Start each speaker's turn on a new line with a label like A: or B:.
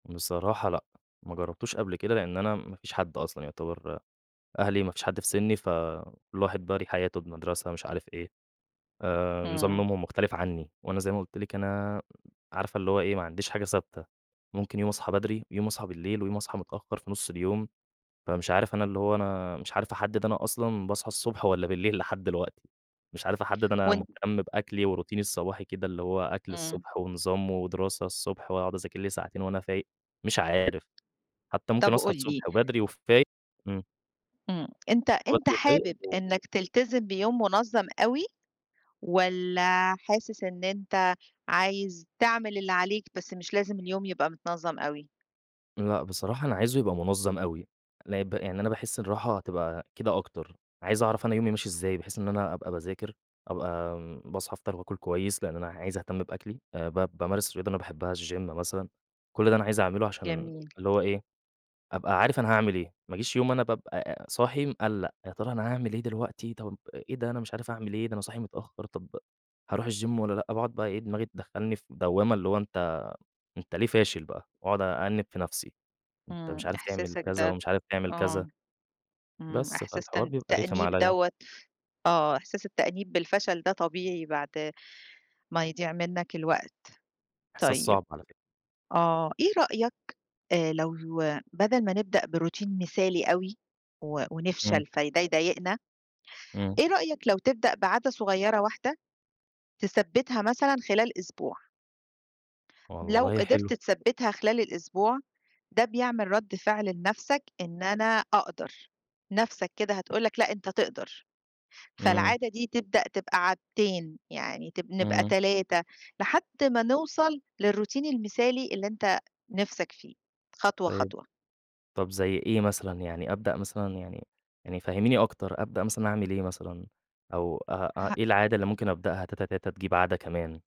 A: بصراحة لأ، ما جرّبتوش قبل كده لإن أنا ما فيش حد أصلًا يُعتبر أهلي ما فيش حد في سِنّي فكلّ واحد بقى ليه حياته بمدرسة مش عارف إيه آآ، نظام
B: إمم.
A: نومهم مختلِف عني وأنا زي ما قُلت لِك أنا، عارفة اللي هو إيه ما عنديش حاجة ثابتة، ممكن يوم أصحى بدري، يوم أصحى بالليل ويوم أصحى متأخّر في نُص اليوم، فمش عارف أنا اللي هو أنا مش عارف أحدِّد أنا أصلًا باصحى الصبح والَّا بالليل لحد دلوقتي، مش عارف أحدِّد أنا
B: وأنت
A: مهتم بأكلي وروتيني الصباحي كده، اللي هو أكْل
B: إمم.
A: الصبح ونظام ودراسة الصبح وأقعد أذاكر لي ساعتين وأنا فايق، مش عارف، حتى ممكن
B: طب
A: أصحى
B: قُل لي
A: الصبح وبدري وفايق إمم.
B: إمم، أنت
A: أصحى
B: أنت
A: بدري وفايق
B: حابب
A: و
B: إنك تلتزم بيوم مُنظَّم أوي والَّا حاسس إن أنت عايز تعمل اللي عليك بس مش لازم اليوم يبقى متنظَّم أوي؟
A: لأ بصراحة أنا عايزه يبقى مُنظَّم أوي، لأ ب يعني أنا باحس الراحة هتبقى كده أكتر، عايز أعرف أنا يومي ماشي إزاي بحيث إن أنا أبقى باذاكر أبقى باصحى أفطَر وآكُل كويس لأن أنا عايز أهتم بأكلي، آآ ب بامارس رياضة أنا باحبها الgym مثلًا، كلّ ده أنا عايز أعمله عشان
B: جميل.
A: اللي هو إيه، أبقى عارف أنا هاعمل إيه، ما اجيش يوم أنا بابقى صاحي مقلّق، يا ترى أنا هاعمل إيه دلوقتي، طَب أ إيه ده أنا مش عارف أعمل إيه، ده أنا صاحي متأخّر، طَب هارُوح الgym والَّا لأ، باقعد بقى إيه، دماغي تدخّلني في دوّامة اللي هو أنت أنت ليه فاشل بقى وأقعد أأنِّب في نفْسي، أنت مش
B: إمم،
A: عارف تعمل
B: إحساسك
A: كذا
B: ده
A: ومش عارف تعمل كذا.
B: آه، إمم،
A: بس،
B: إحساس
A: فالحوار
B: تأن
A: بيبقى رخِم
B: تأنيب
A: عليَّ.
B: دوّة آه أحساس التأنيب بالفشل ده طبيعي بعد ما يضِيع منك الوقت،
A: إحساس
B: طيب
A: صعب على فكرة.
B: آه. إيه رأيك آآ لو بدَل ما نبدأ بroutine مثالي أوي و
A: إمم.
B: ونفشَل فده يضايقنا.
A: إمم.
B: إيه رأيك لو تبدأ بعادة صغيّرة واحدة تثبِّتها مثلًا خلال أسبوع؟ لو
A: والله
B: قدِرت
A: حلو.
B: تثبِّتها خِلال الأسبوع، ده بيعمل رَد فِعل لنفْسك إن أنا أقدَر، نَفسك كده هتقول لك، لأ أنت تقدَر،
A: إمم.
B: فالعادة دي تبدأ تبقى عادتين يعني تب نبقى
A: إمم.
B: 3 لحد ما نوصَل للروتين المثالي اللي أنت نِفسك فيه خطوة،
A: طيب،
B: خطوة.
A: طَب زي إيه مثلًا، يعني أبدأ مثلًا يعني يعني فهمّيني أكتر، أبدأ مثلًا أعمل إيه مثلًا أو أ أ
B: ها
A: إيه العادة اللي ممكن أبدأها تاتا، تاتا تجيب عادة كمان؟